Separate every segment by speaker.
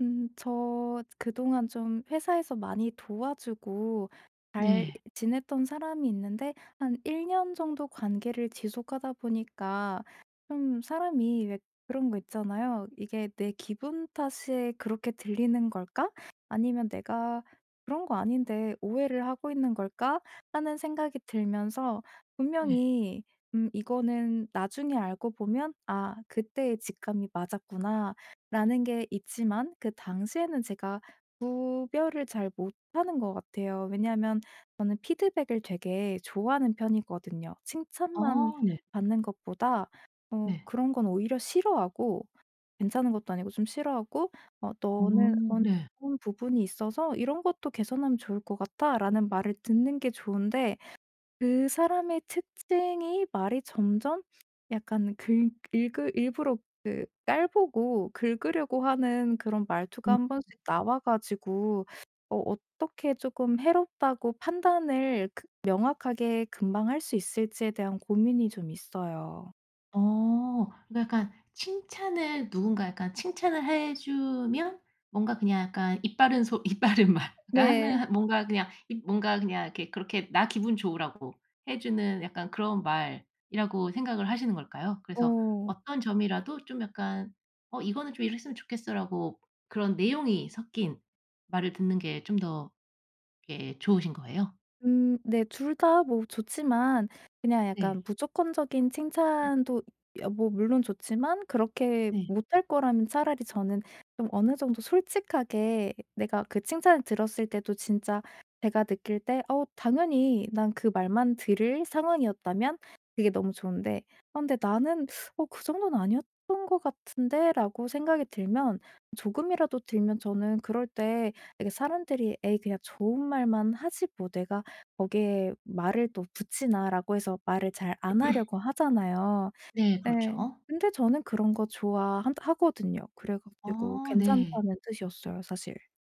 Speaker 1: 음. 저 그동안 좀 회사에서 많이 도와주고 잘
Speaker 2: 네.
Speaker 1: 지냈던 사람이 있는데 한 1 년 정도 관계를 지속하다 보니까 좀 사람이 왜 그런 거 있잖아요. '이게 내 기분 탓에 그렇게 들리는 걸까?' 아니면 내가 '그런 거 아닌데 오해를 하고 있는 걸까?' 하는 생각이 들면서
Speaker 2: 네.
Speaker 1: 분명히 음 이거는 나중에 알고 보면 '아 그때의 직감이 맞았구나.'라는 게 있지만 그 당시에는 제가 구별을 잘 못하는 것 같아요. 왜냐하면 저는 피드백을 되게 좋아하는 편이거든요.
Speaker 2: 아
Speaker 1: 칭찬만
Speaker 2: 네.
Speaker 1: 받는 것보다 어
Speaker 2: 네.
Speaker 1: 그런 건 오히려 싫어하고 괜찮은 것도 아니고 좀 싫어하고 어
Speaker 2: 어
Speaker 1: "너는
Speaker 2: 네.
Speaker 1: 어떤 부분이 있어서 이런 것도 개선하면 좋을 것 같아."라는 말을 듣는 게 좋은데 그 사람의 특징이 말이 점점 약간 긁 일그 일부러 그 깔보고 긁으려고 하는 그런 말투가
Speaker 2: 음.
Speaker 1: 1 번씩 나와 가지고 어 어떻게 쪼끔 해롭다고 판단을 그 명확하게 금방 할 수 있을지에 대한 고민이 좀 있어요.
Speaker 2: 어 그니까 약간 칭찬을 누군가 약간 칭찬을 해 주면 뭔가 그냥 약간 입바른 소 입바른 말
Speaker 1: 네.
Speaker 2: 하는 뭔가 그냥 입 뭔가 그냥 그렇게 '나 기분 좋으라고 해 주는 약간 그런 말'이라고 생각을 하시는 걸까요? 그래서
Speaker 1: 어.
Speaker 2: 어떤 점이라도 좀 약간 어 "이거는 좀 이랬으면 좋겠어."라고 그런 내용이 섞인 말을 듣는 게 좀 더 예 좋으신 거예요?
Speaker 1: 음 네. 2 다 뭐 좋지만 그냥
Speaker 2: 네.
Speaker 1: 약간 무조건적인 칭찬도 예 뭐 물론 좋지만 그렇게
Speaker 2: 네.
Speaker 1: 못할 거라면 차라리 저는 좀 어느 정도 솔직하게 내가 그 칭찬을 들었을 때도 진짜 제가 느낄 때 어 당연히 난 그 말만 들을 상황이었다면 그게 너무 좋은데 아 근데 나는 어 '그 정도는 아니었던 것 같은데.'라고 생각이 들면 조금이라도 들면 저는 그럴 때 이게 사람들이 '에이 그냥 좋은 말만 하지. 뭐 내가 거기에 말을 또 붙이나?'라고 해서 말을 잘 안 하려고 하잖아요.
Speaker 2: 네
Speaker 1: 네.
Speaker 2: 그렇죠.
Speaker 1: 근데 저는 그런 거 좋아하 하거든요. 그래 가지고
Speaker 2: 어 네.
Speaker 1: 괜찮다는 뜻이었어요, 사실.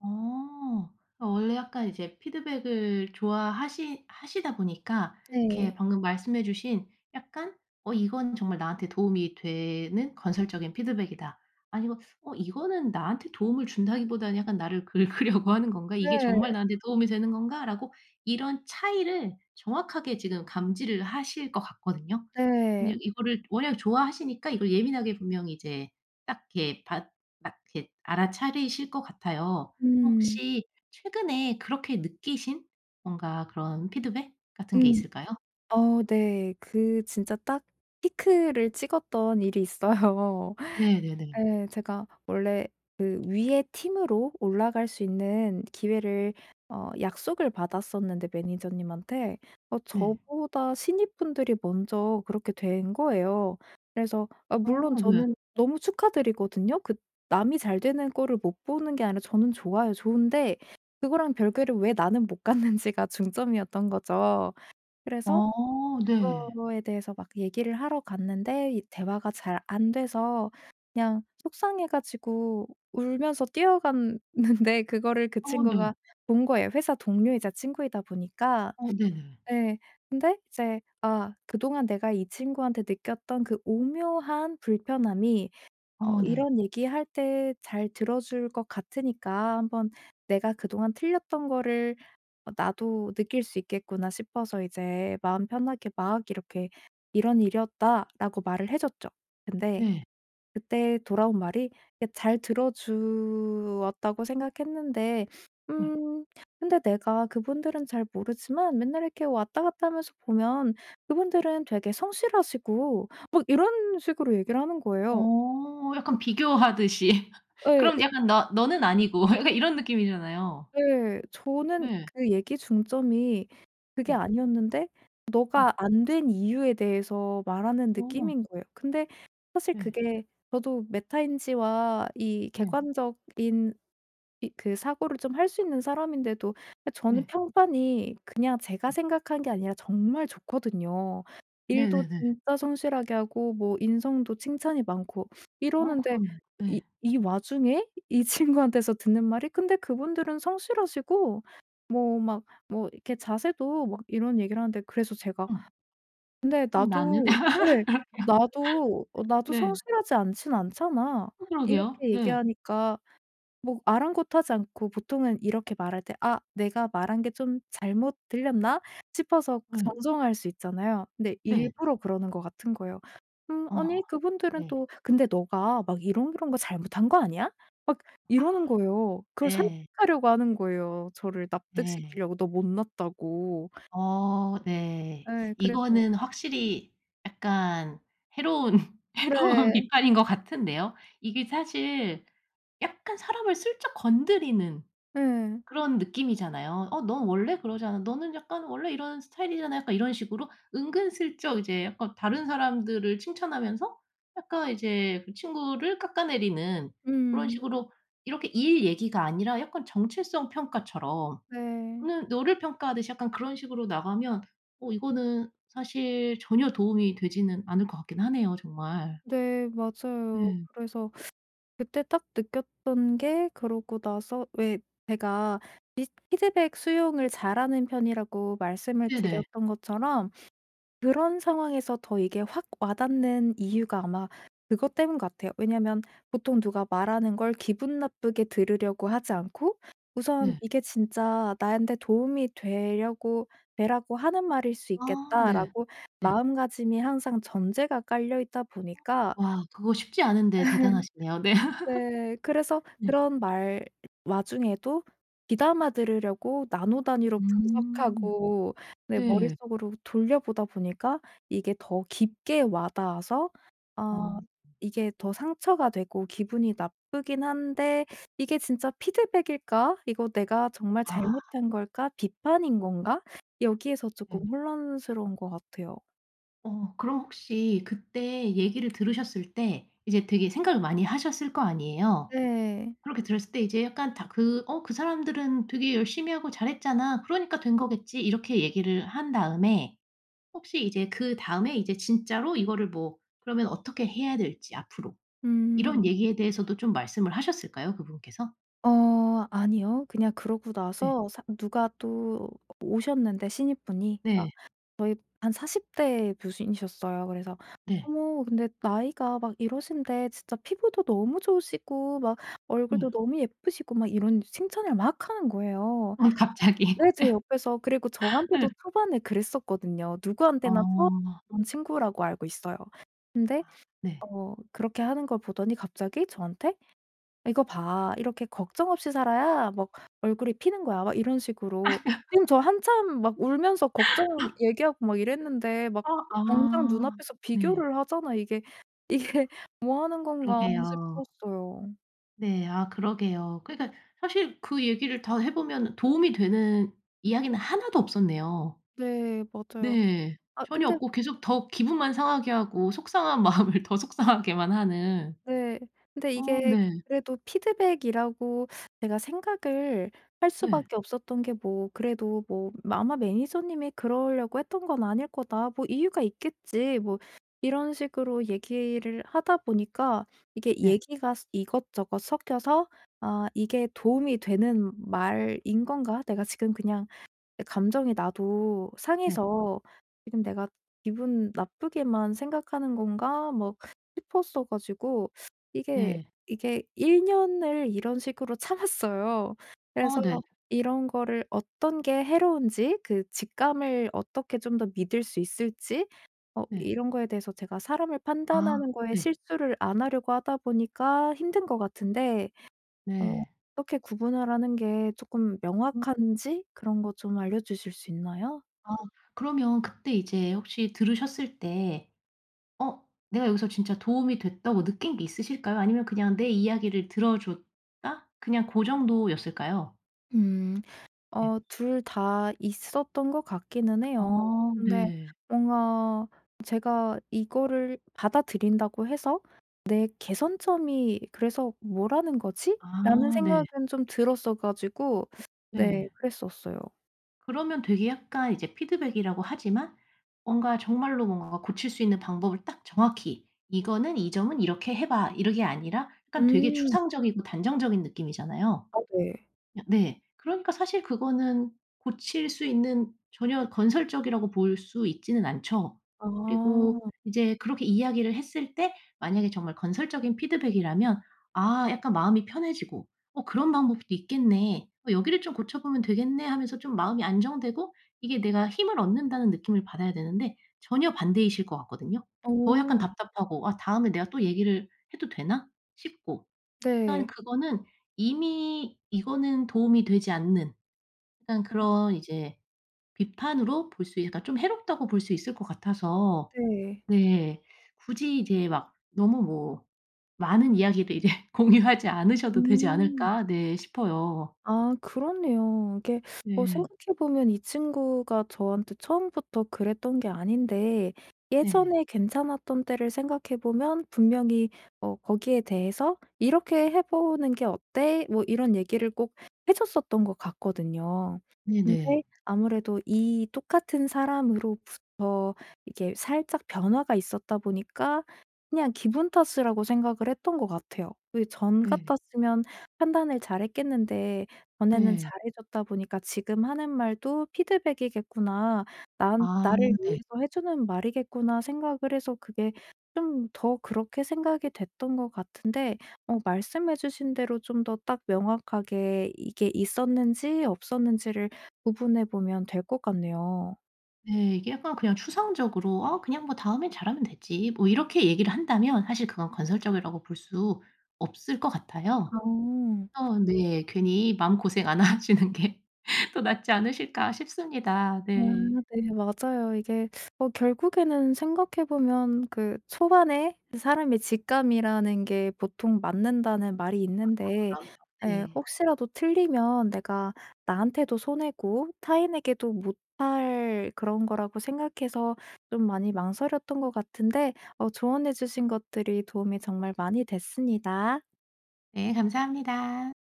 Speaker 2: 어. 어 원래 약간 이제 피드백을 좋아 하시 하시다 보니까 이렇게
Speaker 1: 네.
Speaker 2: 방금 말씀해 주신 약간 '어 이건 정말 나한테 도움이 되는 건설적인 피드백이다.' 아니면 '어 이거는 나한테 도움을 준다기보다는 약간 나를 긁으려고 하는 건가? 이게 정말
Speaker 1: 네.
Speaker 2: 나한테 도움이 되는 건가?'라고 이런 차이를 정확하게 지금 감지를 하실 것 같거든요.
Speaker 1: 네.
Speaker 2: 그냥 이거를 왜냐면 좋아하시니까 이걸 예민하게 분명히 이제 딱 이렇게 받 딱 이렇게 알아차리실 것 같아요.
Speaker 1: 음.
Speaker 2: 혹시 최근에 그렇게 느끼신 뭔가 그런 피드백 같은 게
Speaker 1: 음.
Speaker 2: 있을까요?
Speaker 1: 어 네. 그 진짜 딱 피크를 찍었던 일이 있어요.
Speaker 2: 네네네.
Speaker 1: 예 제가 원래 그 위에 팀으로 올라갈 수 있는 기회를 어 약속을 받았었는데 매니저님한테 어
Speaker 2: 네.
Speaker 1: 저보다 신입분들이 먼저 그렇게 된 거예요. 그래서 아
Speaker 2: 아
Speaker 1: 물론
Speaker 2: 네.
Speaker 1: 저는 너무 축하드리거든요. 그 남이 잘 되는 꼴을 못 보는 게 아니라 저는 좋아요 좋은데 그거랑 별개로 왜 나는 못 갔는지가 중점이었던 거죠. 그래서
Speaker 2: 어 네.
Speaker 1: 그거에 대해서 막 얘기를 하러 갔는데 이 대화가 잘 안돼서 그냥 속상해 가지고 울면서 뛰어갔는데 그거를 그
Speaker 2: 어
Speaker 1: 친구가
Speaker 2: 네.
Speaker 1: 본 거예요, 회사 동료이자 친구이다 보니까.
Speaker 2: 어 네네.
Speaker 1: 예. 근데 이제 '아 그동안 내가 이 친구한테 느꼈던 그 오묘한 불편함이 어
Speaker 2: 어 네.
Speaker 1: 이런 얘기 할 때 잘 들어줄 것 같으니까 한번 내가 그동안 틀렸던 거를 어 나도 느낄 수 있겠구나.' 싶어서 이제 마음 편하게 막 이렇게 "이런 일이었다."라고 말을 해줬죠. 근데
Speaker 2: 네.
Speaker 1: 그때 돌아온 말이 그니까 잘 들어주었다고 생각했는데
Speaker 2: 예.
Speaker 1: 음 "근데 내가 그분들은 잘 모르지만 맨날 이렇게 왔다 갔다 하면서 보면 그분들은 되게 성실하시고..." 막 이런 식으로 얘기를 하는 거예요.
Speaker 2: 어
Speaker 1: 그
Speaker 2: 약간 비교하듯이.
Speaker 1: 예.
Speaker 2: 그럼
Speaker 1: 이
Speaker 2: 약간 '너 너는 아니고.' 약간 이런 느낌이잖아요.
Speaker 1: 예. 저는
Speaker 2: 네.
Speaker 1: 그 얘기 중점이 그게
Speaker 2: 네.
Speaker 1: 아니었는데
Speaker 2: 네.
Speaker 1: 네가 안 된 이유에 대해서 말하는
Speaker 2: 아.
Speaker 1: 느낌인 거예요. 근데 사실
Speaker 2: 네.
Speaker 1: 그게 저도 메타인지와 이
Speaker 2: 네.
Speaker 1: 객관적인 이 그 사고를 좀 할 수 있는 사람인데도 아 저는
Speaker 2: 네.
Speaker 1: 평판이 그냥 제가
Speaker 2: 네.
Speaker 1: 생각한 게 아니라 정말 좋거든요. 일도
Speaker 2: 네네네.
Speaker 1: 진짜 성실하게 하고 뭐 인성도 칭찬이 많고
Speaker 2: 아
Speaker 1: 이러는데
Speaker 2: 그럼요.
Speaker 1: 이
Speaker 2: 예.
Speaker 1: 이 와중에 이 친구한테서 듣는 말이 "근데 그분들은 성실하시고 뭐 막 뭐 이렇게 자세도" 막 이런 얘기를 하는데 그래서 제가
Speaker 2: 어.
Speaker 1: 근데
Speaker 2: 그럼 나는?
Speaker 1: 나도 예 나도 어 "나도
Speaker 2: 네.
Speaker 1: 성실하지 않지는 않잖아."
Speaker 2: 어 그러게요.
Speaker 1: 이렇게
Speaker 2: 네.
Speaker 1: 얘기하니까 뭐 아랑곳하지 않고 보통은 이렇게 말할 때 '아 내가 말한 게 좀 잘못 들렸나?' 싶어서
Speaker 2: 예.
Speaker 1: 정정할 수 있잖아요. 근데
Speaker 2: 네.
Speaker 1: 일부러 그러는 것 같은 거예요. "음
Speaker 2: 어.
Speaker 1: 아니 그분들은
Speaker 2: 네.
Speaker 1: 또 근데 네가 막 이런 이런 거 잘못한 거 아니야?" 막
Speaker 2: 아.
Speaker 1: 이러는 거예요. 그걸
Speaker 2: 네.
Speaker 1: 설득하려고 하는 거예요, 저를
Speaker 2: 네.
Speaker 1: 납득시키려고 너 못 났다고.
Speaker 2: 어 네.
Speaker 1: 예. 그래서
Speaker 2: 이거는 확실히 약간 해로운 해로운
Speaker 1: 네.
Speaker 2: 비판인 것 같은데요. 이게 사실 약간 사람을 슬쩍 건드리는
Speaker 1: 예.
Speaker 2: 그런 느낌이잖아요. "어 넌 원래 그러잖아. 너는 약간 원래 이런 스타일이잖아." 약간 이런 식으로 은근 슬쩍 이제 약간 다른 사람들을 칭찬하면서 약간 이제 그 친구를 깎아내리는 그런
Speaker 1: 음.
Speaker 2: 식으로 이렇게 일 얘기가 아니라 약간 정체성 평가처럼
Speaker 1: 네.
Speaker 2: 너는 너를 평가하듯이 약간 그런 식으로 나가면 어 이거는 사실 전혀 도움이 되지는 않을 것 같기는 하네요, 정말.
Speaker 1: 네. 맞아요.
Speaker 2: 예.
Speaker 1: 그래서 그때 딱 느꼈던 게 그러고 나서 왜 제가 비스 피드백 수용을 잘하는 편이라고 말씀을
Speaker 2: 네네.
Speaker 1: 드렸던 것처럼 그런 상황에서 더 이게 확 와닿는 이유가 아마 그것 때문인 것 같아요. 왜냐면 보통 누가 말하는 걸 기분 나쁘게 들으려고 하지 않고 우선
Speaker 2: 네.
Speaker 1: '이게 진짜 나한테 도움이 되려고 되라고 하는 말일 수
Speaker 2: 아 네.
Speaker 1: 있겠다.'라고
Speaker 2: 네.
Speaker 1: 마음가짐이 항상 전제가 깔려있다 보니까
Speaker 2: 와 그거 쉽지 않은데 대단하시네요. 네.
Speaker 1: 네. 그래서
Speaker 2: 네.
Speaker 1: 그런 말 와중에도 귀담아들으려고 나노 단위로
Speaker 2: 음.
Speaker 1: 분석하고 내
Speaker 2: 네.
Speaker 1: 머릿속으로 돌려보다 보니까 이게 더 깊게 와닿아서 아
Speaker 2: 어.
Speaker 1: 이게 더 상처가 되고 기분이 나쁘기는 한데 '이게 진짜 피드백일까? 이거 내가 정말
Speaker 2: 아.
Speaker 1: 잘못한 걸까? 비판인 건가?' 여기에서
Speaker 2: 네.
Speaker 1: 쪼끔 혼란스러운 것 같아요.
Speaker 2: 어 그럼 혹시 그때 얘기를 들으셨을 때 이제 되게 생각을 많이 하셨을 거 아니에요?
Speaker 1: 네.
Speaker 2: 그렇게 들었을 때 이제 약간 다 그 어 "그 사람들은 되게 열심히 하고 잘했잖아. 그러니까 된 거겠지." 이렇게 얘기를 한 다음에 혹시 이제 그다음에 이제 진짜로 이거를 뭐 그러면 어떻게 해야 될지 앞으로 이런
Speaker 1: 음.
Speaker 2: 얘기에 대해서도 좀 말씀을 하셨을까요, 그분께서?
Speaker 1: 어 아니요. 그냥 그러고
Speaker 2: 네.
Speaker 1: 나서 사 누가 또 어 오셨는데, 신입분이. 아
Speaker 2: 네.
Speaker 1: 저희 한 40 대 교수님이셨어요. 그래서
Speaker 2: 네.
Speaker 1: 어머 근데 "나이가 막 이러신데 진짜 피부도 너무 좋으시고, 막
Speaker 2: 예.
Speaker 1: 얼굴도 너무 예쁘시고." 막 이런 칭찬을 막 하는 거예요.
Speaker 2: 어 갑자기.
Speaker 1: 네 제 옆에서. 그리고
Speaker 2: 예. 음.
Speaker 1: 저한테도 초반에 그랬었거든요. 누구한테나 처음
Speaker 2: 어.
Speaker 1: 본 친구라고 알고 있어요. 근데
Speaker 2: 아 네.
Speaker 1: 어 그렇게 하는 걸 보더니 갑자기 저한테 "이거 봐. 이렇게 걱정 없이 살아야 뭐 얼굴이 피는 거야." 막 이런 식으로. 선생님 저 한참 막 울면서 걱정 얘기하고 막 이랬는데. 막
Speaker 2: 아
Speaker 1: 당장
Speaker 2: 아
Speaker 1: 눈앞에서
Speaker 2: 네.
Speaker 1: 비교를 하잖아요, 이게.' 이게 뭐 하는 건가.'
Speaker 2: 그러게요.
Speaker 1: 싶었어요.
Speaker 2: 네. 아 그러게요. 그러니까 사실 그 얘기를 더 해 보면 도움이 되는 이야기는 1 도 없었네요.
Speaker 1: 네 맞아요.
Speaker 2: 네.
Speaker 1: 아
Speaker 2: 전혀
Speaker 1: 근데
Speaker 2: 없고 계속 더 기분만 상하게 하고 속상한 마음을 더 속상하게만 하는.
Speaker 1: 네. 근데
Speaker 2: 어
Speaker 1: 이게
Speaker 2: 네.
Speaker 1: 그래도 피드백이라고 내가 생각을 할 수
Speaker 2: 네.
Speaker 1: 밖에 없었던 게 뭐 그래도 뭐 '아마 매니저님이 그러려고 했던 건 아닐 거다. 뭐 이유가 있겠지.' 뭐 이런 식으로 얘기를 하다 보니까 이게
Speaker 2: 예.
Speaker 1: 얘기가 스 이것저것 섞여서 '아 이게 도움이 되는 말인 건가? 내가 지금 그냥 약간 감정이 나도
Speaker 2: 네.
Speaker 1: 상해서 지금 내가 기분 나쁘게만 생각하는 건가?' 뭐 싶었어 가지고 이게
Speaker 2: 네.
Speaker 1: 이게 1 년을 이런 식으로 참았어요.
Speaker 2: 어
Speaker 1: 그래서
Speaker 2: 네.
Speaker 1: 이런 거를 어떤 게 해로운지, 그 직감을 어떻게 좀 더 믿을 수 있을지 어
Speaker 2: 네.
Speaker 1: 이런 거에 대해서 제가 사람을
Speaker 2: 아
Speaker 1: 판단하는 거에
Speaker 2: 네.
Speaker 1: 실수를 안 하려고 하다 보니까 힘든 것 같은데 어
Speaker 2: 네.
Speaker 1: 어떻게 구분을 하는 게 조금
Speaker 2: [unintelligible]
Speaker 1: 명확한지 그런 거 좀 알려주실 수 있나요?
Speaker 2: 아 그러면 그때 이제 혹시 들으셨을 때 '어 내가 여기서 진짜 도움이 됐다.'고 느낀 게 있으실까요? 아니면 그냥 내 이야기를 들어 줬다? 그냥 그 정도였을까요?
Speaker 1: 음.
Speaker 2: 네.
Speaker 1: 어 2 다 있었던 것 같기는 해요.
Speaker 2: 아
Speaker 1: 근데
Speaker 2: 네.
Speaker 1: 뭔가 제가 '이거를 받아들인다고 해서 내 개선점이 그래서 뭐라는 거지?'라는
Speaker 2: 아 네.
Speaker 1: 생각은 좀 들었어 가지고 네
Speaker 2: 네.
Speaker 1: 그랬었어요.
Speaker 2: 그러면 되게 약간 이제 피드백이라고 하지만 뭔가 정말로 뭔가가 고칠 수 있는 방법을 딱 정확히 "이거는 이 점은 이렇게 해 봐." 이런 게 아니라 약간 되게
Speaker 1: 음.
Speaker 2: 추상적이고 단정적인 느낌이잖아요.
Speaker 1: 아 네.
Speaker 2: 으 네. 그러니까 사실 그거는 고칠 수 있는 전혀 건설적이라고 볼 수 있지는 않죠. 그리고
Speaker 1: 아.
Speaker 2: 이제 그렇게 이야기를 했을 때 만약에 정말 건설적인 피드백이라면 아 약간 마음이 편해지고 '어 그런 방법도 있겠네, 어 여기를 좀 고쳐보면 되겠네.' 하면서 좀 마음이 안정되고 이게 내가 힘을 얻는다는 느낌을 받아야 되는데 전혀 반대이실 것 같거든요. 더 약간
Speaker 1: 오.
Speaker 2: 답답하고 아 '다음에 내가 또 얘기를 해도 되나?' 싶고. 약간
Speaker 1: 네.
Speaker 2: 그거는 이미 이거는 도움이 되지 않는 약간
Speaker 1: 아.
Speaker 2: 그런 이제 비판으로 볼 수 있 그러니까 좀 해롭다고 볼 수 있을 것 같아서
Speaker 1: 네.
Speaker 2: 네 굳이 이제 막 너무 뭐 많은 이야기를 이제 공유하지 않으셔도 되지
Speaker 1: 음.
Speaker 2: 않을까 네 싶어요.
Speaker 1: 아 그렇네요. 이게 뭐
Speaker 2: 네.
Speaker 1: 생각해 보면 이 친구가 저한테 처음부터 그랬던 게 아닌데
Speaker 2: 네.
Speaker 1: 예전에 괜찮았던 때를 생각해 보면 분명히 뭐 거기에 대해서 "이렇게 해 보는 게 어때?" 뭐 이런 얘기를 꼭 해 줬었던 것 같거든요. 근데
Speaker 2: 네네.
Speaker 1: 아무래도 이 똑같은 사람으로부터 이게 살짝 변화가 있었다 보니까 그냥 기분 탓이라고 생각을 했던 것 같아요. 이 전
Speaker 2: 네.
Speaker 1: 같았으면 판단을 잘했겠는데 전에는
Speaker 2: 네.
Speaker 1: 잘해줬다 보니까 '지금 하는 말도 피드백이겠구나. 난
Speaker 2: 아
Speaker 1: 나를
Speaker 2: 네.
Speaker 1: 위해서 해 주는 말이겠구나.' 생각을 해서 그게 좀 더 그렇게 생각이 됐던 것 같은데 어 말씀해 주신 대로 좀 더 딱 명확하게 이게 있었는지 없었는지를 구분해 보면 될 것 같네요.
Speaker 2: 네. 이게 약간 그냥 추상적으로 "아 그냥 뭐 다음에는 잘하면 되지." 뭐 이렇게 얘기를 한다면 사실 그건 건설적이라고 볼 수 없을 것 같아요.
Speaker 1: 아.
Speaker 2: 어 네. 괜히 마음고생 안 하시는 게 더 낫지 않으실까 싶습니다.
Speaker 1: 아
Speaker 2: 네.
Speaker 1: 네 맞아요. 이게 뭐 결국에는 생각해 보면 그 초반에 사람의 직감이라는 게 보통 맞는다는 말이
Speaker 2: 아
Speaker 1: 있는데
Speaker 2: 그럼요.
Speaker 1: 예
Speaker 2: 네.
Speaker 1: 혹시라도 틀리면 내가 '나한테도 손해고 타인에게도 못 할 그런 거.'라고 생각해서 좀 많이 망설였던 것 같은데 어 조언해 주신 것들이 도움이 정말 많이 됐습니다.
Speaker 2: 네 감사합니다.